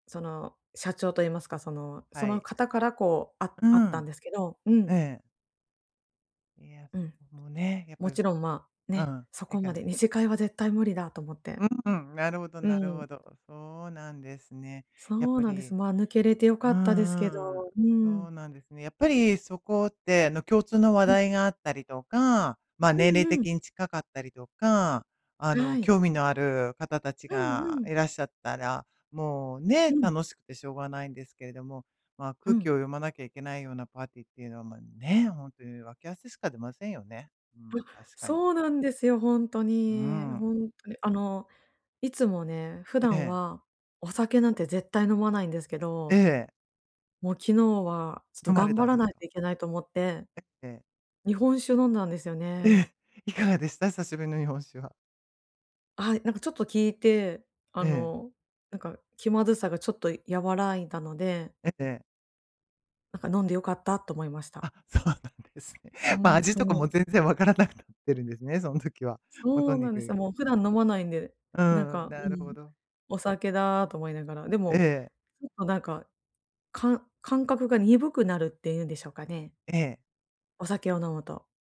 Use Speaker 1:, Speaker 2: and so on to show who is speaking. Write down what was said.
Speaker 1: その社長と言いますか、そのそ
Speaker 2: は
Speaker 1: の
Speaker 2: い。
Speaker 1: 方からこうあ
Speaker 2: う
Speaker 1: あったん
Speaker 2: ん。
Speaker 1: ですけど、う
Speaker 2: え
Speaker 1: ん。
Speaker 2: え。いや、
Speaker 1: う
Speaker 2: そこ
Speaker 1: ん。
Speaker 2: もね、やっ
Speaker 1: も
Speaker 2: ぱり、
Speaker 1: ちろん、まあ、
Speaker 2: う
Speaker 1: ね、
Speaker 2: ん。
Speaker 1: そ
Speaker 2: え
Speaker 1: こ
Speaker 2: か
Speaker 1: ま
Speaker 2: ん。
Speaker 1: で、二次会は絶対無理だと思って。
Speaker 2: うんうん。なるほど
Speaker 1: う
Speaker 2: なるほ
Speaker 1: ん。
Speaker 2: ど。そうなんですね。やっ
Speaker 1: そう
Speaker 2: ぱ
Speaker 1: なんです。
Speaker 2: り、
Speaker 1: まあ、抜けれて良
Speaker 2: う
Speaker 1: かったですけ
Speaker 2: んうん。
Speaker 1: ど。う
Speaker 2: そう
Speaker 1: ん。
Speaker 2: なんですね。やっぱりそこってあの、共通の話
Speaker 1: うん。
Speaker 2: 題があったりとか、まあ、
Speaker 1: う
Speaker 2: 年
Speaker 1: ん
Speaker 2: 齢
Speaker 1: うん。
Speaker 2: 的に近かったりとか、あの、
Speaker 1: はい。
Speaker 2: 興味のある方たち
Speaker 1: うん
Speaker 2: が
Speaker 1: うん。
Speaker 2: いらっしゃったら、もう
Speaker 1: う
Speaker 2: ね、
Speaker 1: ん。
Speaker 2: 楽しくてしょうがないんですけれども、まあ、
Speaker 1: う
Speaker 2: 空気
Speaker 1: ん。
Speaker 2: を読まなきゃいけないようなパーティーっていうのは、まあね、本当にわけ合わせしか出ませんよね。うん、
Speaker 1: あ、
Speaker 2: 確かに。
Speaker 1: そうなんですよ、本当
Speaker 2: う
Speaker 1: に。
Speaker 2: ん。
Speaker 1: 本当に、あのいつもね、普
Speaker 2: え
Speaker 1: 段
Speaker 2: え。
Speaker 1: はお酒なんて絶対飲まないんですけ
Speaker 2: え
Speaker 1: ど。
Speaker 2: え。
Speaker 1: もう昨日はちょっ
Speaker 2: 飲
Speaker 1: と
Speaker 2: まれ
Speaker 1: 頑
Speaker 2: た
Speaker 1: 張
Speaker 2: ん
Speaker 1: ら
Speaker 2: です
Speaker 1: ない
Speaker 2: か？
Speaker 1: といけないと思って。
Speaker 2: ええ。
Speaker 1: 日本酒を飲んだんですよね。
Speaker 2: え、いかがでした？久しぶりの日本酒は。
Speaker 1: はい、なんかちょっと効いて、あ
Speaker 2: ええ。
Speaker 1: のなんか気まずさがちょっと和らいだので。
Speaker 2: ええええ。
Speaker 1: なんか飲んで良かったと思いました。
Speaker 2: あ、そうなんですね。ま、
Speaker 1: 本
Speaker 2: 味
Speaker 1: 当
Speaker 2: とか
Speaker 1: に。
Speaker 2: も全然わからなくなってるんですね、その時は。もうと
Speaker 1: そう
Speaker 2: に
Speaker 1: なんです
Speaker 2: く。
Speaker 1: よ。もう普段飲まないんで、
Speaker 2: う
Speaker 1: なん
Speaker 2: ん、
Speaker 1: か、う
Speaker 2: なるほ
Speaker 1: ん。
Speaker 2: ど。
Speaker 1: お酒だと思いながら、で
Speaker 2: え
Speaker 1: も、
Speaker 2: え。
Speaker 1: ちょっとなんか、かん感覚が鈍くなるって言うんでしょうかね。
Speaker 2: ええ。
Speaker 1: お酒を飲むと。